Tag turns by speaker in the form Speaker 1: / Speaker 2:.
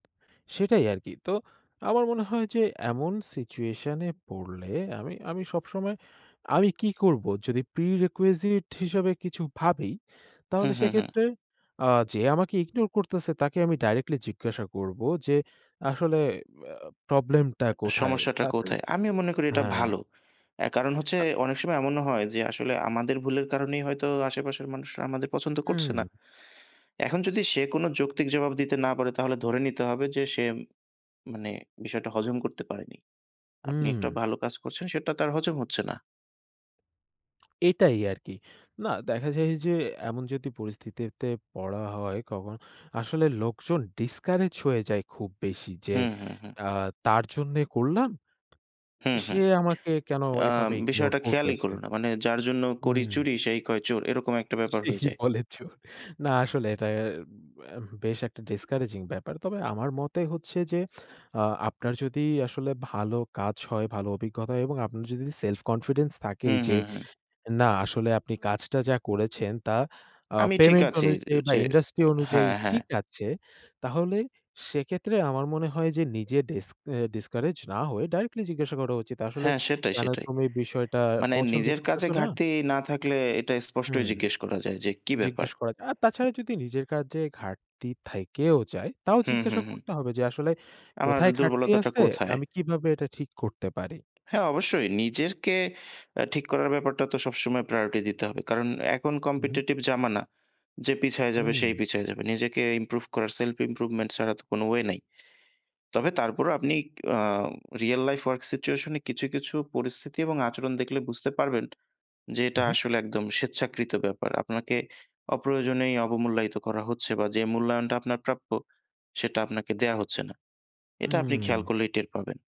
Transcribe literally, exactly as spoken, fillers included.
Speaker 1: সেটাই আরকি। তো আমার মনে হয় যে, এমন সিচুয়েশন এ পড়লে আমি আমি সবসময় আমি কি করব? যদি প্রি রিকুইজিট হিসাবে কিছু ভাবি,
Speaker 2: হু,
Speaker 1: তাহলে
Speaker 2: হু, হু।
Speaker 1: সেক্ষেত্রে আ যে আমাকে ইগনোর করতেছে, তাকে আমি ডাইরেক্টলি জিজ্ঞাসা করব যে, আসলে আ ব প্রবলেম টা কোথায়?
Speaker 2: সমস্যাটা
Speaker 1: পারতে
Speaker 2: কোথায়? আমিও মনে করি এটা
Speaker 1: হ্যাঁ।
Speaker 2: ভালো। আ কারণ হচ্ছে,
Speaker 1: আ
Speaker 2: অনেক সময় এমনও হয় যে, আসলে আমাদের ভুলের কারণেই হয়তো আশেপাশের মানুষরা আমাদের পছন্দ করছে না।
Speaker 1: হুম।
Speaker 2: এখন যদি সে কোন যৌক্তিক জবাব দিতে না পারে। তাহলে ধরে নিতে হবে যে, সে মানে বিষয়টা হজম করতে পারেনি। আপনি একটা
Speaker 1: উম।
Speaker 2: ভালো কাজ করছেন, সেটা তার হজম হচ্ছে না।
Speaker 1: এটাই আরকি। না, দেখা যায় যে, এমন যদি পরিস্থিতিতে পড়া হয় কখনো, আসলে লোকজন ডিসকারেজ হয়ে যায় খুব বেশি। যে,
Speaker 2: হু, হু, হু।
Speaker 1: অ্যা তার জন্যে করলাম।
Speaker 2: হু, হু।
Speaker 1: সে আমাকে কেন
Speaker 2: আ
Speaker 1: এভাবে ইগনোর
Speaker 2: বিষয়টা খেয়ালই
Speaker 1: করতাছে?
Speaker 2: করো না। মানে, "যার জন্য করি
Speaker 1: হুম।
Speaker 2: চুরি, সেই কয় চোর।" এরকম একটা ব্যাপার
Speaker 1: ঠিক
Speaker 2: হয়ে যায়।
Speaker 1: বলেছো। না। আসলে এটা এ ব অ্যা বেশ একটা ডিসকারেজিং ব্যাপার। তবে আমার মতে হচ্ছে যে, অ আপনার যদি আসলে ভালো কাজ হয়, ভালো অভিজ্ঞতা হয় এবং আপনার যদি সেলফ কনফিডেন্স থাকে,
Speaker 2: হু,
Speaker 1: যে
Speaker 2: হু, হু।
Speaker 1: না আসলে আপনি কাজটা যা করেছেন তা আ
Speaker 2: আমি ঠিক
Speaker 1: পেমেন্ট
Speaker 2: আছি। যে
Speaker 1: অনুযায়ী বা
Speaker 2: যে
Speaker 1: ইন্ডাস্ট্রি
Speaker 2: আ
Speaker 1: অনুযায়ী
Speaker 2: হ্যাঁ। হ্যাঁ।
Speaker 1: ঠিক আছে। তাহলে সেক্ষেত্রে আমার মনে হয় যে, নিজে ডিস ডিসকারেজ না হয়ে ডাইরেক্টলি জিজ্ঞাসা করা উচিত। আসলে
Speaker 2: হ্যাঁ, সেটাই।
Speaker 1: কেন
Speaker 2: সেটাই।
Speaker 1: তুমি বিষয়টা
Speaker 2: মানে
Speaker 1: পছন্দ
Speaker 2: নিজের কাজে
Speaker 1: করতেসো না?
Speaker 2: ঘাটতি না থাকলে এটা
Speaker 1: হু।
Speaker 2: স্পষ্টই জিজ্ঞেস করা যায় যে, কী ব্যাপার?
Speaker 1: জিজ্ঞেস করা যায়। আর তাছাড়া যদি নিজের কাজে ঘাটতি থাইকেও যায়, তাও
Speaker 2: হু, হু,
Speaker 1: জিজ্ঞাসা
Speaker 2: হু।
Speaker 1: করতে হবে যে, আসলে
Speaker 2: আমার
Speaker 1: কোথায় ঘাটতি
Speaker 2: দুর্বলতাটা
Speaker 1: আছে,
Speaker 2: কোথায়?
Speaker 1: আমি কিভাবে এটা ঠিক করতে পারি?
Speaker 2: হ্যাঁ অবশ্যই। নিজেরকে আ ঠিক করার ব্যাপারটা তো সবসময় প্রায়োরিটি দিতে হবে। কারণ এখন
Speaker 1: হু, হু।
Speaker 2: কম্পিটিটিভ জামানা। যে পিছায়ে যাবে,
Speaker 1: হুম।
Speaker 2: সেই পিছিয়ে যাবে। নিজেকে ইমপ্রুভ করার সেলফ ইমপ্রুভমেন্ট ছাড়া তো কোনো ওয়ে নাই। তবে তারপরও আপনি a real life work situation এ কিছু, কিছু পরিস্থিতি এবং আচরণ দেখলে বুঝতে পারবেন যে,
Speaker 1: হু,
Speaker 2: এটা
Speaker 1: হু।
Speaker 2: আসলে একদম স্বেচ্ছাকৃত ব্যাপার। আপনাকে অপ্রয়োজনেই অবমূল্যায়িত করা হচ্ছে বা যে মূল্যায়নটা আপনার প্রাপ্য, সেটা আপনাকে দেয়া হচ্ছে না। এটা আপনি খেয়াল
Speaker 1: হুম।
Speaker 2: করলেই টের পাবেন।